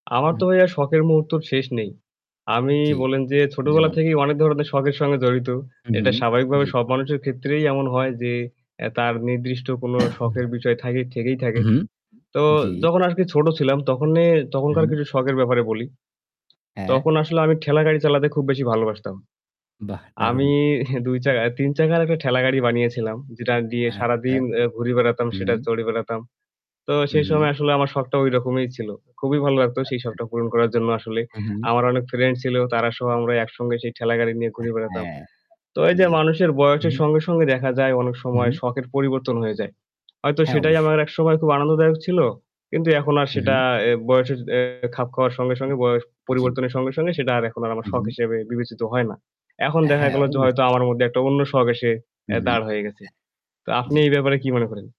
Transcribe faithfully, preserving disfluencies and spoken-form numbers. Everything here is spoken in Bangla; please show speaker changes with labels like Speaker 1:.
Speaker 1: উ
Speaker 2: আমার তো
Speaker 1: হুম।
Speaker 2: ভাইয়া শখের মুহূর্তর শেষ নেই। আমি
Speaker 1: জ্বি,
Speaker 2: বল্লেন যে ছোটবেলা
Speaker 1: যেমন?
Speaker 2: থেকেই অনেক ধরনের শখের সঙ্গে জড়িত।
Speaker 1: হু, হু,
Speaker 2: এটা স্বাভাবিকভাবে
Speaker 1: জ্বী।
Speaker 2: সব মানুষের ক্ষেত্রেই এমন হয় যে এ্যা তার নির্দিষ্ট কোনো শখের বিষয় থাকে থেকেই থাকে।
Speaker 1: উঁহু।
Speaker 2: তো
Speaker 1: জ্বি।
Speaker 2: যখন আজকে ছোট ছিলাম তখনে
Speaker 1: হু,
Speaker 2: তখনকার
Speaker 1: হু।
Speaker 2: কিছু শখের ব্যাপারে বলি।
Speaker 1: হ্যাঁ।
Speaker 2: তখন আসলে আমি ঠেলাগাড়ি চালাতে খুব বেশি ভালোবাসতাম।
Speaker 1: বাহ! দারুণ।
Speaker 2: আমি দুই চাকার তিন চাকার একটা ঠেলাগাড়ি বানিয়েছিলাম। যেটা দিয়ে
Speaker 1: আচ্ছা।
Speaker 2: সারাদিন এ্যা ঘুরে বেড়াতাম, সেটা
Speaker 1: হুম।
Speaker 2: চড়ে বেড়াতাম। তো
Speaker 1: হু,
Speaker 2: সেই সময়
Speaker 1: হু।
Speaker 2: আসলে আমার শখটা ঐরকমই ছিল। খুবই ভালো লাগতো সেই
Speaker 1: আচ্ছা।
Speaker 2: শখটা পূরণ করার জন্য আসলে।
Speaker 1: হু, হু।
Speaker 2: আমার অনেক ফ্রেন্ডস ছিল তারা সহ আমরা একসঙ্গে সেই ঠেলাগাড়ি নিয়ে ঘুরে বেড়াতাম।
Speaker 1: হ্যাঁ,
Speaker 2: তো এই যে
Speaker 1: জ্বী।
Speaker 2: মানুষের
Speaker 1: হু,
Speaker 2: বয়সের
Speaker 1: হু।
Speaker 2: সঙ্গে, সঙ্গে দেখা যায় অনেক
Speaker 1: হু,
Speaker 2: সময়
Speaker 1: হু।
Speaker 2: শখের পরিবর্তন হয়ে যায়। হয়তো
Speaker 1: হ্যাঁ
Speaker 2: সেটাই
Speaker 1: অবশ্যই।
Speaker 2: আমার একসময় খুব আনন্দদায়ক ছিল। কিন্তু এখন আর
Speaker 1: হু,
Speaker 2: সেটা
Speaker 1: হু।
Speaker 2: এ্যা বয়সের এ্যা খাপ খাওয়ার সঙ্গে, সঙ্গে বয়স
Speaker 1: জ্বী।
Speaker 2: পরিবর্তনের সঙ্গে, সঙ্গে সেটা আর এখন আর আমার
Speaker 1: হু,
Speaker 2: শখ
Speaker 1: হু।
Speaker 2: হিসেবে বিবেচিত হয় না। এখন দেখা
Speaker 1: হ্যাঁ,
Speaker 2: গেল যে হয়তো
Speaker 1: অবশ্যই।
Speaker 2: আমার মধ্যে একটা অন্য শখ এসে
Speaker 1: হু,
Speaker 2: এ্যা
Speaker 1: হু।
Speaker 2: দাঁড় হয়ে গেছে। তো
Speaker 1: অ্যা
Speaker 2: আপনি
Speaker 1: জ্বী।
Speaker 2: এই ব্যাপারে কি মনে করেন?